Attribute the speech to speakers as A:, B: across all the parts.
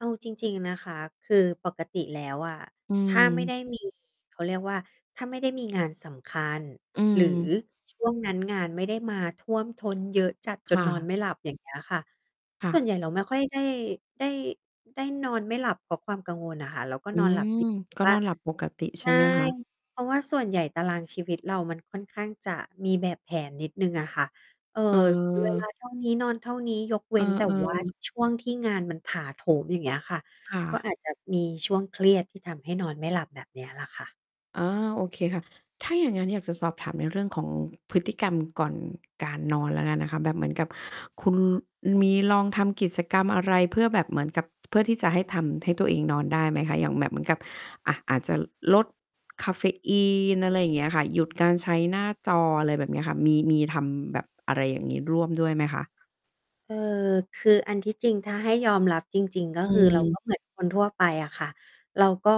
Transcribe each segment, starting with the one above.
A: เอาจริง ๆ นะคะ คือปกติแล้วอะ
B: อื
A: ถ้าไม่ไ
B: ม
A: ด้ มี เขาเรียกว่า ถ้าไม่ได้มีงานสำคัญ
B: อื
A: หรือ
B: ม
A: ช่วงนั้นงานไม่ได้มาท่วมท้นเยอะจัดจ
B: ค
A: น
B: ่
A: นอน
B: ะ
A: ไม่หลับอย่างเงี้ยค่ะ
B: ค่
A: ส่วน
B: ะ
A: ใหญ่เราไม่ค่อยได้ ได้ ได้นอนไม่หลับเพราะความกังวลน่ะค่ะ เราก็
B: อื
A: นอนหลับ
B: ม
A: ดี
B: ก็
A: ว่
B: น
A: า
B: อนห
A: ช
B: ลับปกติ
A: ใ
B: ใ
A: ช
B: ช่
A: ่
B: ไหมคะ?
A: เพราะว่าส่วนใหญ่ตารางชีวิตเรามันค่อนข้างจะมีแบบแผนนิดหนึ่งอะค่ะ เอ่อ
B: เ
A: เวล
B: ออ
A: าเท่า นี้นอนเท่านี้ยกเว
B: เอ
A: ้
B: อ
A: นแต่ว่า
B: ๆ
A: ช่วงที่งานมันถาโถม อย่างเงี้ยค่ะ
B: ค่
A: ก็
B: ะ
A: อาจจะมีช่วงเครียดที่ทำให้นอนไม่หลับแบบเนี้ยแหละค่ะ
B: อา โอเคค่ะ ถ้าอย่างงั้นอยากจะสอบถามในเรื่องของพฤติกรรมก่อนการนอนแล้วกันนะคะ แบบเหมือนกับคุณมีลองทำกิจกรรมอะไรเพื่อแบบเหมือนกับ เพื่อที่จะให้ทำให้ตัวเองนอนได้ไหมคะ อย่างแบบเหมือนกับ อ่า อาจจะลดกาเฟอีน อะไรอย่างเงี้ยค่ะ หยุดการใช้หน้าจอ อะไรแบบเนี้ยค่ะ มี มีทำแบบอะไรอย่างงี้ร่วมด้วยไหมคะ?
A: เอ่อ คืออันที่จริงถ้าให้ยอมรับจริง ๆ ก็
B: อ
A: คือเรา ก
B: ืม
A: ็ เหมือนคนทั่วไปอะค่ะ เราก็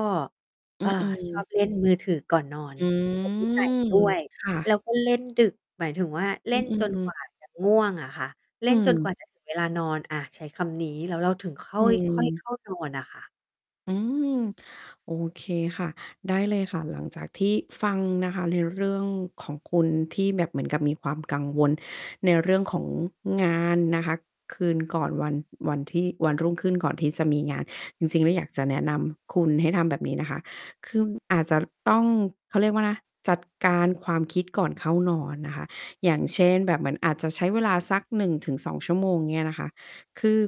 A: เ
B: อ
A: อ
B: ื
A: ่อ
B: อ
A: ชอบ
B: ๆ
A: เล่นมือถือก่อนนอน
B: อื
A: เป็นนิสัย
B: ม
A: ด้วย
B: ค่
A: แ
B: ะ
A: ล้วก็เล่นดึก หมายถึงว่าเล
B: อ
A: ่
B: ื
A: นจน
B: อ
A: กว
B: ๆ
A: ่า จะง่วงอะค่ะ เล
B: อ
A: ่
B: ื
A: นจนก
B: ม
A: ว่า จะ ถึงเวลานอน อะ ใช้คำนี้ แล้วเราถึงค
B: อื
A: ่อย ๆ เข
B: ม
A: ้า นอนอะค่ะ
B: อืม โอเคค่ะ ได้เลยค่ะ หลังจากที่ฟังนะคะในเรื่องของคุณที่แบบเหมือนกับมีความกังวลในเรื่องของงานนะคะ คืนก่อนวัน วันที่ วันรุ่งขึ้นก่อนที่จะมีงาน จริง ๆ แล้วอยากจะแนะนำคุณให้ทำแบบนี้นะคะ คืออาจจะต้อง เขาเรียกว่านะ จัดการความคิดก่อนเข้านอนนะคะ อย่างเช่น แบบเหมือนอาจจะใช้เวลาสัก 1 ถึง 2 ชั่วโมง อย่างเงี้ยนะคะ คือ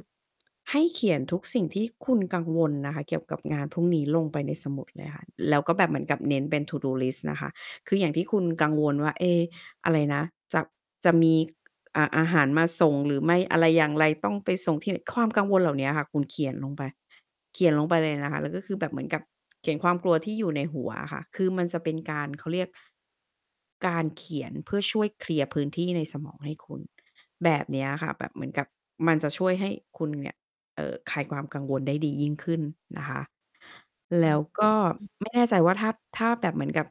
B: ให้เขียนทุกสิ่งที่คุณกังวลน่ะค่ะ เกี่ยวกับงานพรุ่งนี้ลงไปในสมุดเลยค่ะ แล้วก็แบบเหมือนกับเน้นเป็น To do list นะคะ คืออย่างที่คุณกังวลว่า เอ๊ อะไรนะ จะ จะมี อา อาหารมาส่งหรือไม่ อะไรอย่างไร ต้องไปส่งที่ ความกังวลเหล่าเนี้ยค่ะคุณเขียนลงไป เขียนลงไปเลยนะคะ แล้วก็คือแบบเหมือนกับเขียนความกลัวที่อยู่ในหัวอะค่ะ คือมันจะเป็นการเขาเรียก การเขียนเพื่อช่วยเคลียร์พื้นที่ในสมองให้คุณ แบบเนี้ยค่ะ แบบเหมือนกับมันจะช่วยให้คุณเนี่ย เอ่อ คลายความกังวลได้ดียิ่งขึ้นนะคะ แ
A: อื
B: ล้
A: ม
B: วก็
A: อือ
B: ไม่แน่ใจว่าถ้า ถ้าแบบเหมือนกับ